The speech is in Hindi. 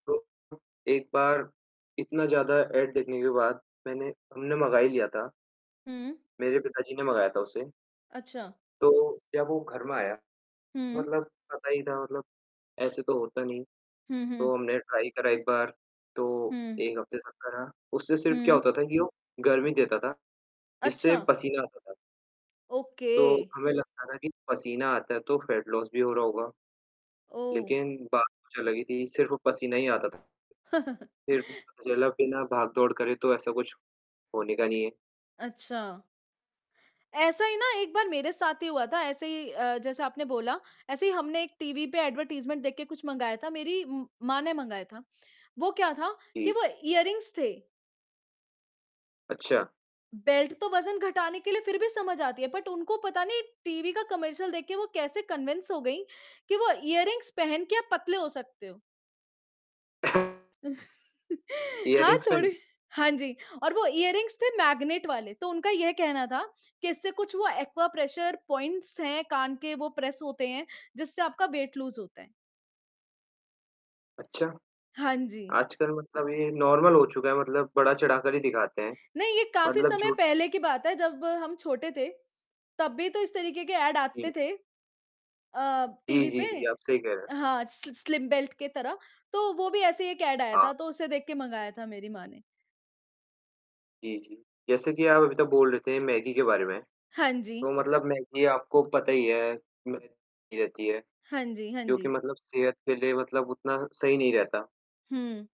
तो एक बार इतना ज़्यादा ऐड देखने के बाद मैंने हमने मँगा ही लिया था। हुँ। मेरे पिता जी ने मँगाया था उसे। अच्छा। तो जब वो घर में आया, तो हुँ। मतलब पता ही था मतलब ऐसे तो होता नहीं है। हुँ, हुँ। तो हमने ट्राई करा एक बार। तो हुँ। 1 हफ़्ते तक करा, उससे सिर्फ़ क्या हुँ। होता था कि वो गर्मी देता था, जिससे अच्छा। पसीना आता था। तो ओके। हमें लगता था कि पसीना आता है, तो फ़ैट लॉस भी हो रहा होगा। ओह! लेकिन बात कुछ अलग ही थी, सिर्फ़ वो पसीना ही आता था। फिर भी जल बिना भाग-दौड़ करे तो ऐसा कुछ होने का नहीं है। अच्छा। ऐसा ही ना एक बार मेरे साथ ही हुआ था, ऐसे ही अ, जैसा आपने बोला, ऐसे ही हमने एक टीवी पे एडवर्टाइज़मेंट देख के कुछ मँगाया था, मेरी म माँ ने मँगाया था। वो क्या था? कि जी। वो ईयररिंग्स थे। अच्छा। बेल्ट तो वज़न घटाने के लिए फिर भी समझ आती है। बट उनको पता नहीं टीवी का कमर्शियल देख के वो कैसे कन्वेंस हो गईं? कि वो ईयररिंग्स पहन के आप पतले हो सकते हो। हाँ, ईयररिंग्समेंट? थोड़ी हाँ जी, और वो ईयररिंग्स थे मैग्नेट वाले, तो उनका ये कहना था कि इससे कुछ वो एक्वाप्रेशर पॉइंट्स हैं कान के वो प्रेस होते हैं, जिससे आपका वेट लूज़ होता है। अच्छा? हाँ जी। आजकल मतलब ये नॉर्मल हो चुका है मतलब बढ़ा-चढ़ाकर ही दिखाते हैं। नहीं, ये काफ़ी मतलब समय झूठ पहले की बात है जब हम छोटे थे। तब भी तो इस तरीके के ऐड जी। आते थे अ, जी, टीवी जी, पे। जी, आप सही कह रहे हैं। हाँ, सि स्लिम बेल्ट के तरह। तो वो भी ऐसे ही एक ऐड आया हाँ। था, तो उसे देख के मँगाया था मेरी माँ ने। जी, जी। जैसे कि आप अभी तो बोल रहे थे मैगी के बारे में। हाँ तो जी। मतलब मैगी आपको पता ही है, मै गी रहती है, हाँ जी, हाँ जो कि जी। मतलब सेहत के लिए मतलब उतना सही नहीं रहता। हुँ।